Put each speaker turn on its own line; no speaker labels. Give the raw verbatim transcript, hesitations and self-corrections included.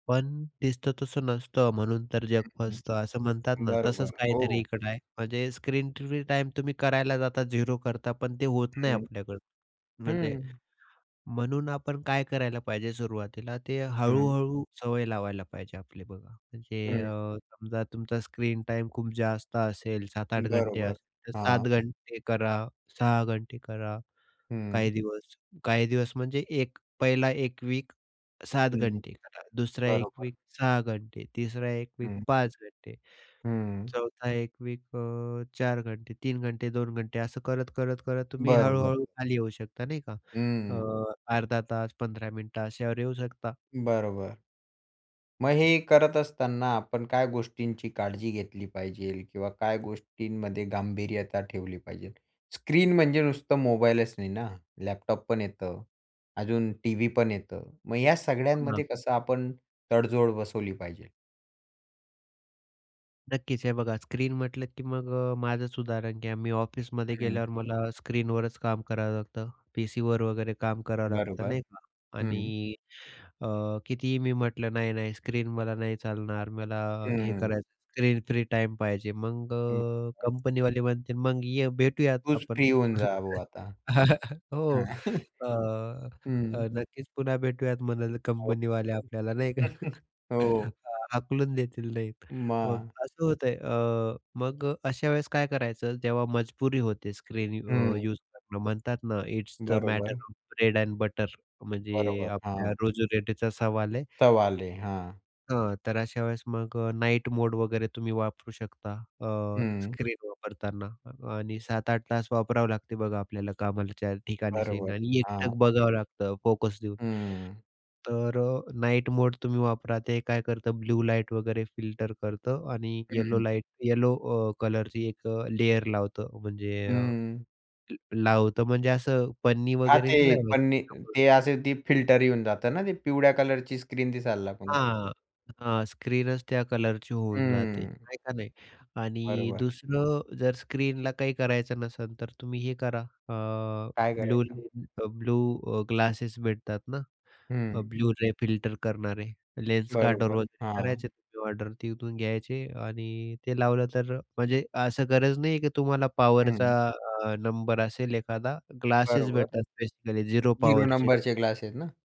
पण दिसतं तसं नसतं, म्हणून तर जग
हं,
फसतं. असं म्हणतात ना, तसंच
बरोबर.
काहीतरी
हो.
इकडे आहे. म्हणजे स्क्रीन फ्री टाईम तुम्ही करायला जाता, झीरो करता, पण ते होत नाही
हं.
आपल्याकडं म्हणजे,
हं.
म्हणून आपण काय करायला पाहिजे सुरुवातीला ते
हं.
हळू-हळू सवय लावायला पाहिजे आपली बघा, म्हणजे
हं.
अ, समजा, तुमचा स्क्रीन टाईम खूप जास्त असेल, सात-आठ घंटे
बरोबर,
असेल, तर सात
हां.
घंटे करा, सहा घंटे करा काही
हं.
दिवस, काही दिवस म्हणजे एक पहिला एक वीक सात
हं.
घंटे करा, दुसरा एक
बरोबर.
वीक सहा घंटे, तिसरा एक वीक
हं.
पाच घंटे,
हं.
चौथा एक वीक अ, चार घंटे, तीन घंटे, दोन घंटे असं करत, करत, करत तुम्ही
बरोबर.
हळू-हळू खाली येऊ शकता, नाही का अ,
हं.
अर्धा तास, पंधरा मिनिटं अशावर येऊ शकता.
बरोबर. मग हे करत असताना आपण काय गोष्टींची काळजी घेतली पाहिजे किंवा काय गोष्टींमध्ये गांभीर्यता ठेवली पाहिजे? स्क्रीन म्हणजे नुसतं मोबाईलच नाही ना, लॅपटॉप पण येतं, अजून टीव्ही पण येतं. मग या
हां.
सगळ्यांमध्ये कसं आपण तडजोड बसवली पाहिजे?
नक्कीच. हे बघा, स्क्रीन म्हटलं की मग अ, माझंच उदाहरण घ्या. मी ऑफिसमध्ये
हं.
गेल्यावर मला स्क्रीनवरच काम करावं लागतं. पीसीवर वगैरे काम करावं लागतं
बरोबर,
नाही का.
हं.
आणि अ, कितीही मी म्हटलं, नाही, नाही, स्क्रीन मला नाही चालणार, मला हे
हं.
करायचं, स्क्रीन फ्री टाईम पाहिजे. मग अ,
बरोबर.
कंपनीवाले म्हणतील, "मग ये, भेटूयात
तूच
आपण."
फ्री होऊन जा भो आता.
हो.
हां.
अ,
हं.
अ, "नक्कीच पुन्हा भेटूयात!" म्हणेल कंपनीवाले
[unintelligible]
आपल्याला नाही का.
हो.
हां, हाकलून देतील नाही. मग
मग.
असं होतंय अ, मग अशा वेळेस काय करायचं, जेव्हा मजबुरी होते स्क्रीन अ,
हं.
यूज करणं म्हणतात ना, इट्स द मॅटर
बरोबर.
Of bread and butter. म्हणजे
बरोबर,
आपल्या
हां.
रोजी रोटीचा सवाल आहे.
तवाले, हां.
हां, तर अशा वेळेस मग अ, नाईट मोड वगैरे तुम्ही वापरू शकता अ,
हं.
स्क्रीन वापरताना आणि सात आठ तास वापरावं लागतं बघा आपल्याला कामाच्या ठिकाणी स्क्रीन
बरोबर,
आणि
हां.
एकटक बघावं लागतं फोकस देऊन,
हं.
तर अ, नाईट मोड तुम्ही वापरा. ते काय करतं, ब्लू लाईट वगैरे फिल्टर करतं आणि येलो
हं.
लाइट, येलो अ, कलरची एक अ, लेयर लावतं, म्हणजे अ,
हं.
लावतं म्हणजे असं पन्नी
हां,
वगैरे
ते
नाही लावायची
पन्नी ते
[unintelligible]
असे ते फिल्टर येऊन जातं ना ते पिवळ्या कलरची स्क्रीन दिसायला लागून जाते.
हां, हां, स्क्रीनच त्या कलरची होऊन जाते,
हं.
आहे का नाही आणि
बरोबर.
दुसरं जर स्क्रीनला काही करायचं नसेल, तर तुम्ही हे करा. अ,
काय
ब्लूू
करायचं?
लेन्स अ, ब्लू अ, ग्लासेस भेटतात ना, अ,
हं.
ब्लू रे फिल्टर करणारे, लेन्स कार्डरवर
बरोबर,
ऑर्डर वगैरे
हां.
करायचे, तुम्ही ऑर्डर तिथून घ्यायचे आणि ते लावलं, तर अ, म्हणजे असं गरज नाही आहे, की तुम्हाला पॉवरचा
हं.
अ, नंबर असेल एखादा, ग्लासेस
बरोबर.
भेटतात बेसिकली झिरो
झिरो
पॉवरचे. नाही
नंबरचे
का.
ग्लासेस ना?